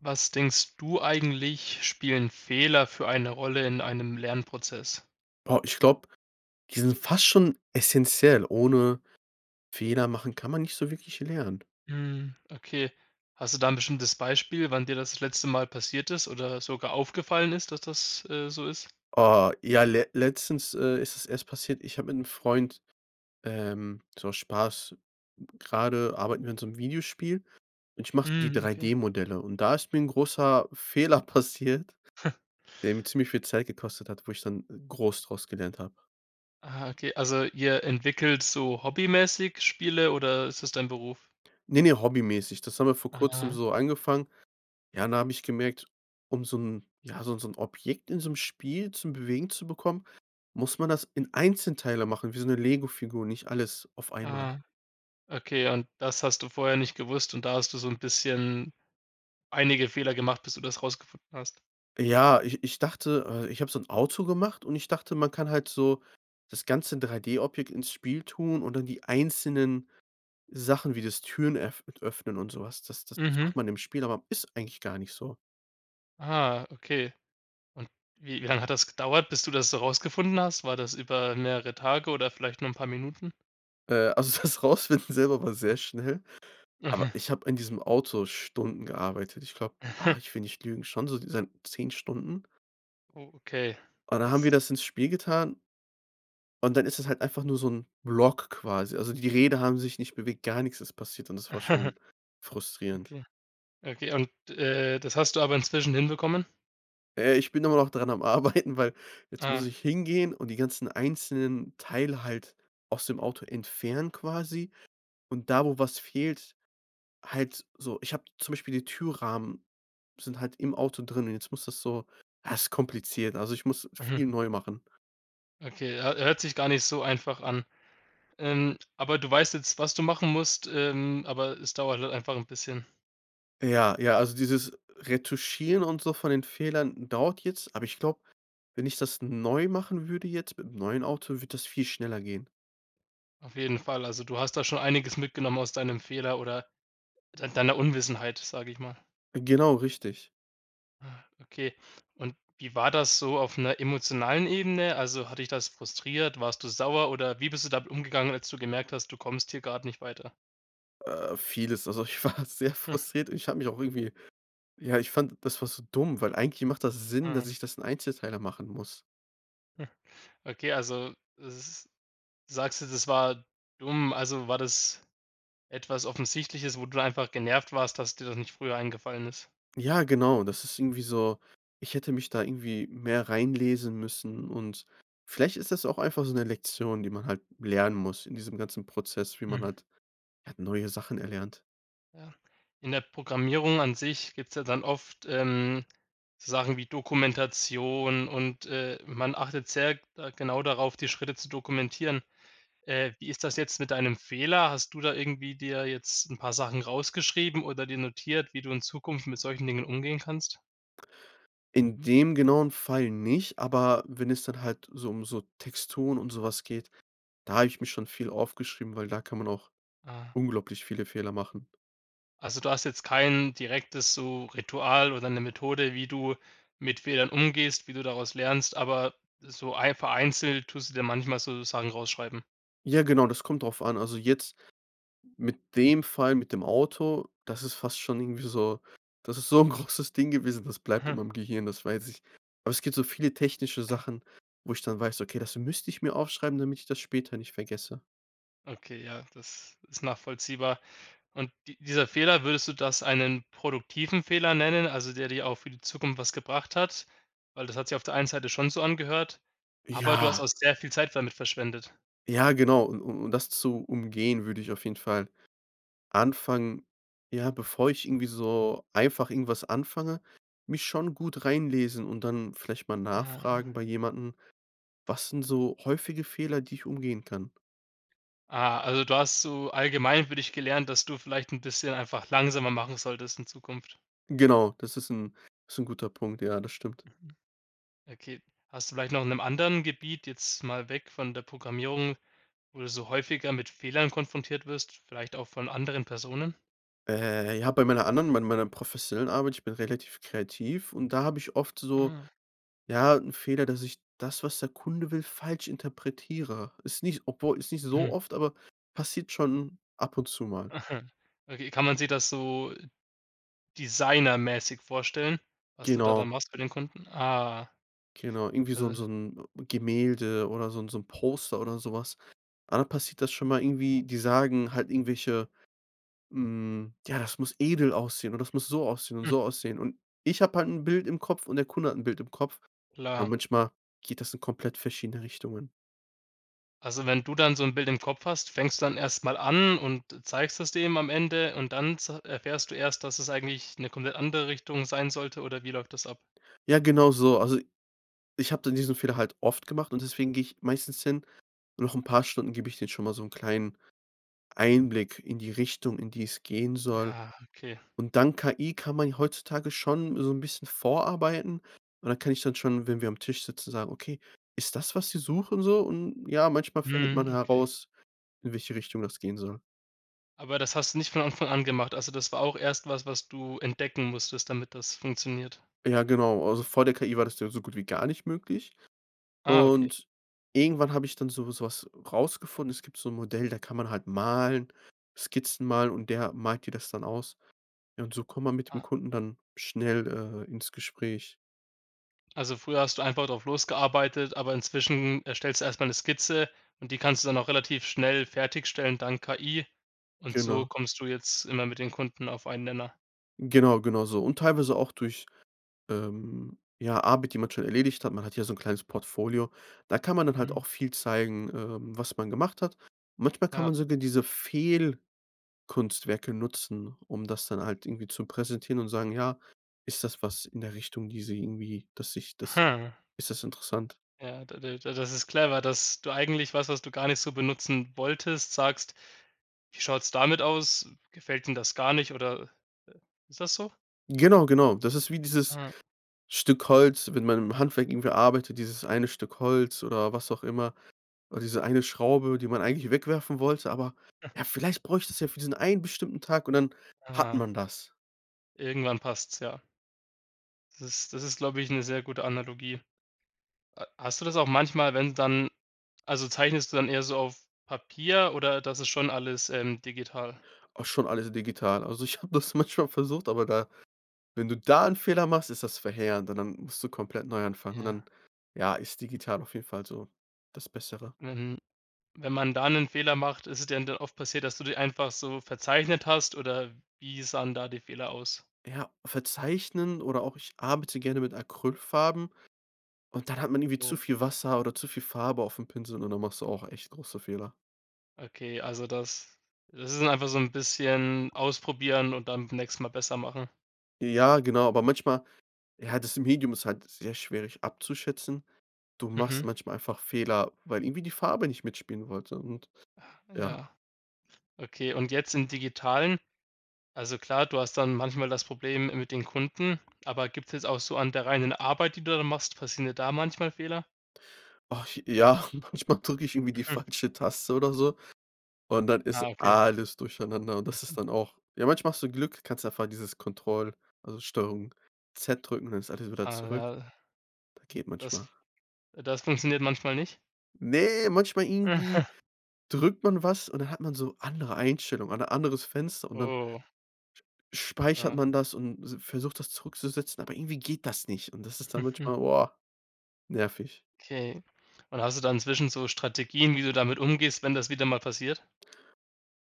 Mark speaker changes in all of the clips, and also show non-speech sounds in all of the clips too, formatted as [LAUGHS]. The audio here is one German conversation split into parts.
Speaker 1: Was denkst du eigentlich spielen Fehler für eine Rolle in einem Lernprozess?
Speaker 2: Boah, ich glaube, die sind fast schon essenziell, ohne Fehler machen, kann man nicht so wirklich lernen.
Speaker 1: Hm, okay. Hast du da 'n bestimmtes Beispiel, wann dir das letzte Mal passiert ist oder das sogar aufgefallen ist, dass das, äh, so ist?
Speaker 2: Oh ja, le letztens, äh, ist es erst passiert. Ich hab mit 'nem Freund, ähm, so Spaß gerade arbeiten wir an so 'nem Videospiel und ich mache so die
Speaker 1: Hm, okay.
Speaker 2: 3D-Modelle und da ist mir 'n großer Fehler passiert
Speaker 1: [CHUCKLES]
Speaker 2: der mir ziemlich viel Zeit gekostet hat, wo ich dann groß draus gelernt hab.
Speaker 1: Aha, okay. Also ihr entwickelt so hobbymäßig Spiele oder ist das dein Beruf?
Speaker 2: Ne, ne, hobbymäßig. Das haben wir vor Kurzem
Speaker 1: Aha.
Speaker 2: so angefangen. Ja, und da habe ich gemerkt, um so 'n ja, so 'n so 'n Objekt in so 'nem Spiel zum Bewegen zu bekommen, muss man das in Einzelteile machen wie so 'ne Lego-Figur, nicht alles auf einmal.
Speaker 1: Ah. Okay, und das hast du vorher nicht gewusst und da hast du so 'n bisschen einige Fehler gemacht, bis du das rausgefunden hast.
Speaker 2: Ja, ich ich dachte, äh, ich hab so 'n Auto gemacht und ich dachte, man kann halt so das ganze 3D-Objekt ins Spiel tun und dann die einzelnen Sachen wie das Türen öff d öffnen und so was das das das
Speaker 1: Mhm.
Speaker 2: macht man im Spiel, aber ist eigentlich gar nicht so.
Speaker 1: Ah, okay. Und wie wie lang hat das gedauert, bis du das so rausgefunden hast? War das über mehrere Tage oder vielleicht nur 'n paar Minuten?
Speaker 2: Äh, also das Rausfinden selber war sehr schnell, aber
Speaker 1: Mhm.
Speaker 2: ich habe in diesem Auto Stunden gearbeitet. Ich glaube, ah,
Speaker 1: Aha.
Speaker 2: ich will nicht lügen, schon so diesen 10 Stunden.
Speaker 1: Oh, okay,
Speaker 2: Und dann haben
Speaker 1: das
Speaker 2: wir das ins Spiel getan und dann ist es halt einfach nur so 'n Block quasi. Also die die Räder haben sich nicht bewegt, gar nix ist passiert und das war
Speaker 1: [CHUCKLES]
Speaker 2: schon frustrierend.
Speaker 1: Okay. Okay. Und, äh, das hast du aber inzwischen hinbekommen?
Speaker 2: Äh, ich bin aber noch dran am Arbeiten, weil jetzt muss
Speaker 1: Ah.
Speaker 2: ich hingehen und die ganzen einzelnen Teile halt aus dem Auto entfernen, quasi. Und da, wo was fehlt halt so ich hab zum Beispiel die Türrahmen sind halt im Auto drin und jetzt muss das so ha, ist kompliziert. Also ich muss
Speaker 1: Mhm.
Speaker 2: viel neu machen.
Speaker 1: Okay, hö hört sich gar nicht so einfach an, ähm, aber du weißt jetzt, was du machen musst, ähm, aber es dauert halt einfach 'n bisschen?
Speaker 2: Ja, ja, also dieses Retuschieren und so von den Fehlern dauert jetzt. Aber ich glaube, wenn ich das neu machen würde jetzt mit 'm neuen Auto, wird das viel schneller gehen.
Speaker 1: Auf jeden Fall, also du hast da schon einiges mitgenommen aus deinem Fehler oder dei deiner Unwissenheit, sage ich mal.
Speaker 2: Genau, richtig.
Speaker 1: Okay, und wie war das so auf 'ner emotionalen Ebene? Also, hat dich das frustriert? Warst du sauer oder wie bist du damit umgegangen, als du gemerkt hast, du kommst hier grad nicht weiter?
Speaker 2: Äh, vieles. Also ich war sehr
Speaker 1: Hm.
Speaker 2: frustriert und ich habe mich auch irgendwie ja, ich fand, das war so dumm, weil eigentlich macht das Sinn, dass
Speaker 1: Mhm.
Speaker 2: ich das in Einzelteile machen muss.
Speaker 1: Hm, okay, also s sagst dir, das war dumm. Also war das etwas Offensichtliches, wo du einfach genervt warst, dass dir das nicht früher eingefallen ist?
Speaker 2: Ja, genau. Das ist irgendwie so ich hätte mich da irgendwie mehr reinlesen müssen. Und, vielleicht ist das auch einfach so 'ne Lektion, die man halt lernen muss in diesem ganzen Prozess, wie man
Speaker 1: Mhm.
Speaker 2: halt halt neue Sachen erlernt.
Speaker 1: Ja. In der Programmierung an sich gibt's ja dann oft, ähm, so Sachen wie Dokumentation und, äh, man achtet sehr, äh, genau darauf, die Schritte zu dokumentieren. Äh, wie ist das jetzt mit deinem Fehler? Hast du da irgendwie dir jetzt 'n paar Sachen rausgeschrieben oder dir notiert, wie du in Zukunft mit solchen Dingen umgehen kannst?
Speaker 2: In dem genauen Fall nicht, aber wenn es dann halt so um so Texturen und so was geht, da habe ich mich schon viel aufgeschrieben, weil da kann man auch
Speaker 1: Ah.
Speaker 2: unglaublich viele Fehler machen.
Speaker 1: Also, du hast jetzt kein direktes so Ritual oder 'ne Methode, wie du mit Fehlern umgehst, wie du daraus lernst, aber so einf vereinzelt tust du dir manchmal sozusagen raus schreiben.
Speaker 2: Ja, genau, das kommt drauf an. Also jetzt mit dem Fall, mit dem Auto, das ist fast schon irgendwie so das ist so 'n großes Ding gewesen, das bleibt in
Speaker 1: Mhm.
Speaker 2: meinem Gehirn, das weiß ich. Aber es gibt so viele technische
Speaker 1: Ja.
Speaker 2: Sachen, wo ich dann weiß: „Okay, das müsste ich mir aufschreiben, damit ich das später nicht vergesse“.
Speaker 1: Okay, ja, das ist nachvollziehbar und di dieser Fehler, würdest du das einen produktiven Fehler nennen, also der dir auch für die Zukunft was gebracht hat? Weil das hat sich auf der einen Seite schon so angehört, aber du hast
Speaker 2: Ja.
Speaker 1: auch sehr viel Zeit damit verschwendet.
Speaker 2: Ja, genau. Un u um das zu umgehen, würde ich auf jeden Fall anfangen ja, bevor ich irgendwie so einfach irgendwas anfange, mich schon gut reinlesen und dann vielleicht mal
Speaker 1: Ah
Speaker 2: nachfragen
Speaker 1: ja.
Speaker 2: bei jemanden: „Was sind so häufige Fehler, die ich umgehen kann?“
Speaker 1: Ah, also du hast so allgemein für dich gelernt, dass du vielleicht 'n bisschen einfach langsamer machen solltest in Zukunft?
Speaker 2: Genau, das ist 'n ist 'n guter Punkt. Ja, das stimmt.
Speaker 1: Mhm. Okay, hast du vielleicht noch in 'nem anderen Gebiet, jetzt mal weg von der Programmierung, wo du so häufiger mit Fehlern konfrontiert wirst, vielleicht auch von anderen Personen?
Speaker 2: Äh, ja, bei meiner anderen, mei meiner professionellen Arbeit, ich bin relativ kreativ und da habe ich oft so,
Speaker 1: Ah.
Speaker 2: ja, 'n Fehler, dass ich das, was der Kunde will, falsch interpretiere. Ist nicht s obwohl ist nicht so
Speaker 1: Mhm.
Speaker 2: oft, aber passiert schon ab und zu mal.
Speaker 1: [CHUCKLES] Okay, kann man sich das so designermäßig vorstellen, was du da dann
Speaker 2: Genau.
Speaker 1: machst bei den Kunden? Ah.
Speaker 2: Genau. Irgendwie so 'n so
Speaker 1: Also
Speaker 2: 'n Gemälde oder so 'n so 'n Poster oder so was. Dann passiert das schon mal irgendwie die sagen halt irgendwelche, hm: „Ja, das muss edel aussehen und das muss so aussehen und so
Speaker 1: [CHUCKLES]
Speaker 2: aussehen." Und ich habe halt 'n Bild im Kopf und der Kunde hat 'n Bild im Kopf. Ja
Speaker 1: Klar.
Speaker 2: manchmal geht das in komplett verschiedene Richtungen.
Speaker 1: Also, wenn du dann so 'n Bild im Kopf hast, fängst du dann erst mal an und zeigst es dem am Ende und dann ze erfährst du erst, dass es eigentlich 'ne komplett andere Richtung sein sollte oder wie läuft das ab?
Speaker 2: Ja, genau so. Also, ich habe dann diesen Fehler halt oft gemacht und deswegen gehe ich meistens hin. Noch 'n paar Stunden gebe ich denen schon mal so 'n kleinen Einblick in die Richtung, in die es gehen soll.
Speaker 1: Ja, okay.
Speaker 2: Und dank KI kann man heutzutage schon so 'n bisschen vorarbeiten. Und dann kann ich dann schon, wenn wir am Tisch sitzen, sagen: „Okay, ist das, was Sie suchen so?" Und ja, manchmal findet
Speaker 1: Mhm,
Speaker 2: man
Speaker 1: okay.
Speaker 2: heraus, in welche Richtung das gehen soll.
Speaker 1: Aber das hast du nicht von Anfang an gemacht? Also das war auch erst was, was du entdecken musstest, damit das funktioniert?
Speaker 2: Ja, genau. Also vor der KI war das ja so gut wie gar nicht möglich.
Speaker 1: Ah, okay.
Speaker 2: Und irgendwann habe ich dann so so was rausgefunden. Es gibt so 'n Modell, da kann man halt malen, Skizzen malen, und der malt dir das dann aus. Ja, und so kommt man mit dem
Speaker 1: Ah.
Speaker 2: Kunden dann schnell, äh, ins Gespräch.
Speaker 1: Also früher hast du einfach drauf losgearbeitet, aber inzwischen erstellst du erst mal 'ne Skizze. Und die kannst du dann auch relativ schnell fertigstellen dank KI, und so
Speaker 2: Genau.
Speaker 1: kommst du jetzt immer mit den Kunden auf einen Nenner?
Speaker 2: Genau genau so. Und teilweise auch durch, ähm, ja, Arbeit, die man schon erledigt hat. Man hat ja so 'n kleines Portfolio. Da kann man dann halt
Speaker 1: Mhm.
Speaker 2: auch viel zeigen, ähm, was man gemacht hat. Manchmal kann
Speaker 1: Ja.
Speaker 2: man sogar diese Fehlkunstwerke nutzen, um das dann halt irgendwie zu präsentieren und sagen: „Ja, ist das was in der Richtung, die Sie irgendwie, dass sich das
Speaker 1: [CHUCKLES]
Speaker 2: ist das interessant?“
Speaker 1: Ja, da da da das ist clever, dass du eigentlich was, was du gar nicht so benutzen wolltest, sagst: „Wie schaut's damit aus? Gefällt Ihnen das gar nicht?“ oder äh, ist das so?
Speaker 2: Genau, genau. Das ist wie dieses
Speaker 1: Ja.
Speaker 2: Stück Holz, wenn man im Handwerk irgendwie arbeitet, dieses eine Stück Holz oder was auch immer. Oder diese eine Schraube, die man eigentlich wegwerfen wollte. Aber
Speaker 1: [CHUCKLES]
Speaker 2: ja, vielleicht brauche ich das ja für diesen einen bestimmten Tag und dann hat
Speaker 1: Ah.
Speaker 2: man das.
Speaker 1: Irgendwann passt's, ja. Das ist das ist, glaube ich, 'ne sehr gute Analogie. Ha hast du das auch manchmal, wenn dann also zeichnest du dann eher so auf Papier oder das ist schon alles, ähm, digital?
Speaker 2: Auch schon alles digital. Also ich habe das manchmal versucht, aber da wenn du da 'n Fehler machst, ist das verheerend und dann musst du komplett neu anfangen, und
Speaker 1: Ja.
Speaker 2: dann, ja, ist digital auf jeden Fall so das Bessere.
Speaker 1: Wenn wenn man da 'nen Fehler macht ist es dir da dann oft passiert, dass du die einfach so verzeichnet hast oder wie sahen da die Fehler aus?
Speaker 2: Ja verzeichnen oder auch ich arbeite gerne mit Acrylfarben und dann hat man irgendwie zu
Speaker 1: Oh.
Speaker 2: viel Wasser oder zu viel Farbe auf dem Pinsel und dann machst du auch echt große Fehler.
Speaker 1: Okay, also das das ist dann einfach so 'n bisschen ausprobieren und dann beim nächsten mal besser machen?
Speaker 2: Ja, genau, aber manchmal ja, das Medium ist halt sehr schwierig abzuschätzen. Du machst
Speaker 1: Mhm.
Speaker 2: manchmal einfach Fehler, weil irgendwie die Farbe nicht mitspielen wollte und
Speaker 1: Ach,
Speaker 2: ja.
Speaker 1: ja. Okay und jetzt im Digitalen also klar, du hast dann manchmal das Problem mit den Kunden, aber gibt's jetzt auch so an der reinen Arbeit, die du da machst passieren dir da manchmal Fehler?
Speaker 2: Ach ja, manchmal drücke ich irgendwie die
Speaker 1: Mhm.
Speaker 2: falsche Taste oder so und dann ist
Speaker 1: Ah, okay.
Speaker 2: alles durcheinander und das ist
Speaker 1: Mhm.
Speaker 2: dann auch ja, manchmal hast du Glück. Kannst einfach dieses Control, also Steuerung z drücken, dann ist alles wieder
Speaker 1: Ah
Speaker 2: zurück.
Speaker 1: ja.
Speaker 2: Da geht
Speaker 1: das
Speaker 2: manchmal.
Speaker 1: das funktioniert manchmal nicht?
Speaker 2: Ne, manchmal irgendwie
Speaker 1: [CHUCKLES]
Speaker 2: drückt man was und dann hat man so andere Einstellungen oder anderes Fenster und dann
Speaker 1: Oh.
Speaker 2: sch speichert
Speaker 1: Ah.
Speaker 2: man das und se versucht das zurückzusetzen, aber irgendwie geht das nicht. Und das ist dann
Speaker 1: [CHUCKLES]
Speaker 2: manchmal, boah, nervig.
Speaker 1: Okay. Und hast du da inzwischen so Strategien, wie du damit umgehst, wenn das wieder mal passiert?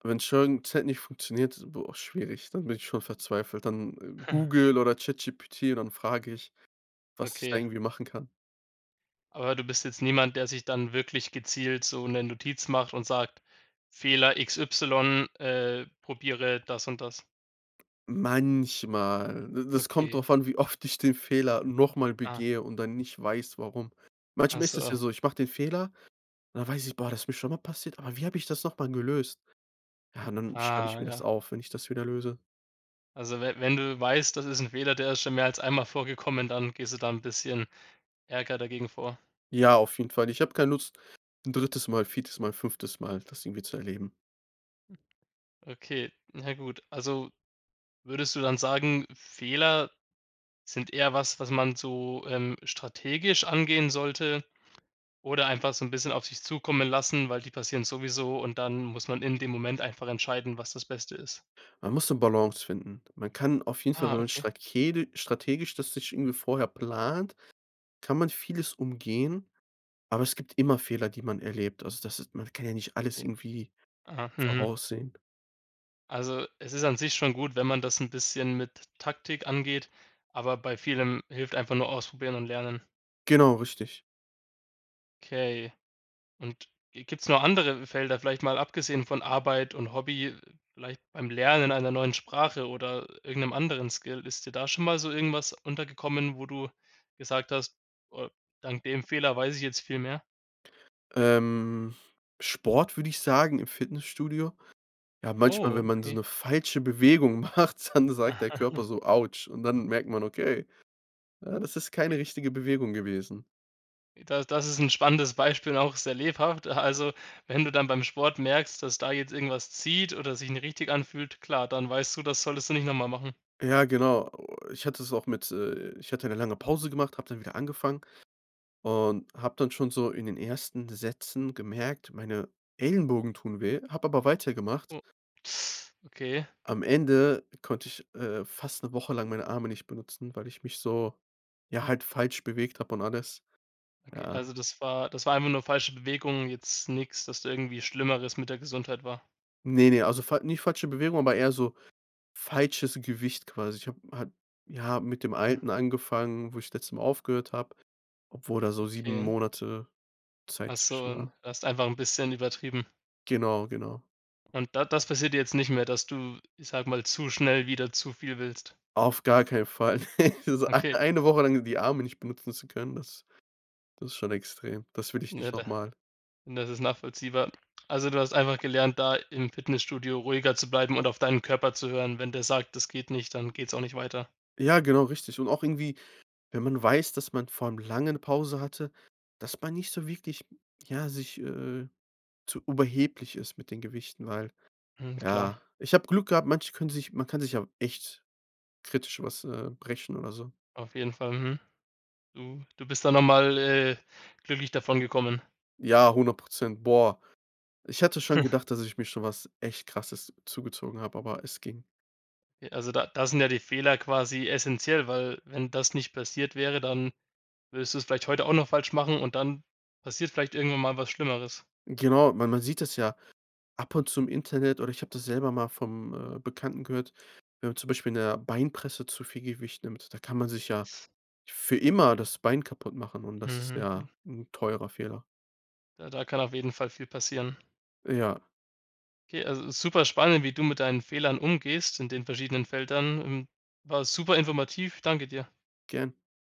Speaker 2: Wenn Steuerung Z nicht funktioniert, boah, schwierig dann bin ich schon verzweifelt. Dann
Speaker 1: [CHUCKLES]
Speaker 2: Google oder Chat GPT und dann frage ich, was ich da
Speaker 1: Okay.
Speaker 2: irgendwie machen kann.
Speaker 1: Aber du bist jetzt niemand, der sich dann wirklich gezielt so 'ne Notiz macht und sagt: „Fehler x, y, äh, probiere das und das.“
Speaker 2: Manchmal, d das kommt
Speaker 1: Okay.
Speaker 2: drauf an, wie oft ich den Fehler noch mal
Speaker 1: Ah.
Speaker 2: begehe und dann nicht weiß, warum.
Speaker 1: Ach
Speaker 2: Manchmal ist das ja
Speaker 1: so.
Speaker 2: so, ich mach den Fehler, und dann weiß ich: „Boah, das ist mir schon mal passiert, aber wie hab ich das noch mal gelöst?“ Ja, und dann schreib ich
Speaker 1: Ah
Speaker 2: mir das
Speaker 1: ja.
Speaker 2: auf, wenn ich das wieder löse.
Speaker 1: Also we wenn du weißt, das ist 'n Fehler, der ist schon mehr als einmal vorgekommen, dann gehst du da 'n bisschen ärger dagegen vor.
Speaker 2: Ja, auf jeden Fall. Ich habe keine Lust, 'n 3. Mal, 4. Mal, 5. Mal das irgendwie zu erleben.
Speaker 1: Okay, na gut. Also würdest du dann sagen, Fehler sind eher was, was man so, ähm, strategisch angehen sollte oder einfach so 'n bisschen auf sich zukommen lassen, weil die passieren sowieso und dann muss man in dem Moment einfach entscheiden, was das Beste ist?
Speaker 2: Man muss 'ne Balance finden. Man kann auf jeden Fall,
Speaker 1: Ah,
Speaker 2: wenn man
Speaker 1: okay.
Speaker 2: strakedi strategisch das sich irgendwie vorher plant, kann man vieles umgehen, aber es gibt immer Fehler, die man erlebt. Also das ist man kann ja nicht alles
Speaker 1: [UNINTELLIGIBLE]
Speaker 2: irgendwie
Speaker 1: .Ah, mhm.
Speaker 2: voraussehen.
Speaker 1: Also, es ist an sich schon gut, wenn man das 'n bisschen mit Taktik angeht, aber bei vielem hilft einfach nur ausprobieren und lernen.
Speaker 2: Genau, richtig.
Speaker 1: Okay und gi gibt's noch andere Felder, vielleicht mal abgesehen von Arbeit und Hobby, vielleicht beim Lernen einer neuen Sprache oder irgend 'nem anderen Skill? Ist dir da schon mal so irgendwas untergekommen, wo du gesagt hast, äh, dank dem Fehler weiß ich jetzt viel mehr.
Speaker 2: Ähm, Sport würde ich sagen im Fitnessstudio. Ja, manchmal,
Speaker 1: Oh,
Speaker 2: wenn man so
Speaker 1: okay.
Speaker 2: 'ne falsche Bewegung macht, dann sagt der Körper
Speaker 1: [CHUCKLES]
Speaker 2: so, Autsch und dann merkt man, okay, ja das ist keine richtige Bewegung gewesen.
Speaker 1: Da das ist 'n spannendes Beispiel und auch sehr lebhaft. A also wenn du dann beim Sport merkst, dass da jetzt irgendwas zieht oder sich nicht richtig anfühlt, klar, dann weißt du, das solltest du nicht noch mal machen.
Speaker 2: Ja, genau. O ich hatte es auch mit, äh ich hatte 'ne lange Pause gemacht, habe dann wieder angefangen und habe dann schon so in den ersten Sätzen gemerkt, meine Ellenbogen tun weh, habe aber weitergemacht.
Speaker 1: Oh, [SUCKS TEETH] okay.
Speaker 2: Am Ende konnte ich, äh, fast 'ne Woche lang meine Arme nicht benutzen, weil ich mich so ja, halt falsch bewegt hab und alles.
Speaker 1: Okay,
Speaker 2: Ja.
Speaker 1: also das war das war einfach nur falsche Bewegungen, jetzt nix, dass du irgendwie Schlimmeres mit der Gesundheit war.
Speaker 2: Ne, ne, also fal nie falsche Bewegung, aber eher so falsches Gewicht quasi. Ich habe halt ja mit dem Alten angefangen, wo ich letztes Mal aufgehört habe, obwohl da so 7
Speaker 1: Okay.
Speaker 2: Monate
Speaker 1: Ach
Speaker 2: Zeit
Speaker 1: so,
Speaker 2: zwischen
Speaker 1: und
Speaker 2: war.
Speaker 1: du hast einfach 'n bisschen übertrieben.
Speaker 2: Genau, genau.
Speaker 1: Und da das passiert jetzt nicht mehr, dass du, ich sage mal, zu schnell wieder zu viel willst?
Speaker 2: Auf gar keinen Fall. [LAUGHS] So ei
Speaker 1: Okay.
Speaker 2: eine Woche lang die Arme nicht benutzen zu können, das das schon extrem. Das will ich
Speaker 1: Na,
Speaker 2: nicht noch
Speaker 1: da
Speaker 2: mal.
Speaker 1: na das ist nachvollziehbar. Also du hast einfach gelernt, da im Fitnessstudio ruhiger zu bleiben und auf deinem Körper zu hören? Wenn der sagt: „Das geht nicht“, dann geht's auch nicht weiter?
Speaker 2: Ja, genau, richtig. Und auch irgendwie, wenn man weiß, dass man vor allem langen 'ne Pause hatte, dass man nicht so wirklich, ja, sich äh, zu überheblich ist mit den Gewichten, weil
Speaker 1: Hm, klar.
Speaker 2: ja Ich habe Glück gehabt, manche können sich man kann sich ja echt kritisch was, äh, brechen oder so.
Speaker 1: Auf jeden Fall, mhm. Du bist dann nochmal, äh, glücklich davongekommen.
Speaker 2: Ja, 100%. Boah, ich hatte schon
Speaker 1: [CHUCKLES]
Speaker 2: gedacht, dass ich mir schon was echt Krasses zugezogen habe, aber es ging.
Speaker 1: Äh, also da da sind ja die Fehler quasi essenziell, weil, wenn das nicht passiert wäre, dann würdest du's vielleicht heute auch noch falsch machen, und dann passiert vielleicht irgendwann mal was Schlimmeres.
Speaker 2: Genau, weil man sieht das ja ab und zu im Internet, oder ich habe das selber mal vom, äh, Bekannten gehört, wenn man zum Beispiel in der Beinpresse zu viel Gewicht nimmt, da kann man sich ja für immer das Bein kaputtmachen und das ist
Speaker 1: Mhm,
Speaker 2: ja
Speaker 1: hm.
Speaker 2: 'n teurer Fehler.
Speaker 1: Ja, da kann auf jeden Fall viel passieren.
Speaker 2: Ja.
Speaker 1: Okay, also superspannend, wie du mit deinen Fehlern umgehst in den verschiedenen Feldern. Hm, war super informativ. Danke dir.
Speaker 2: Gern.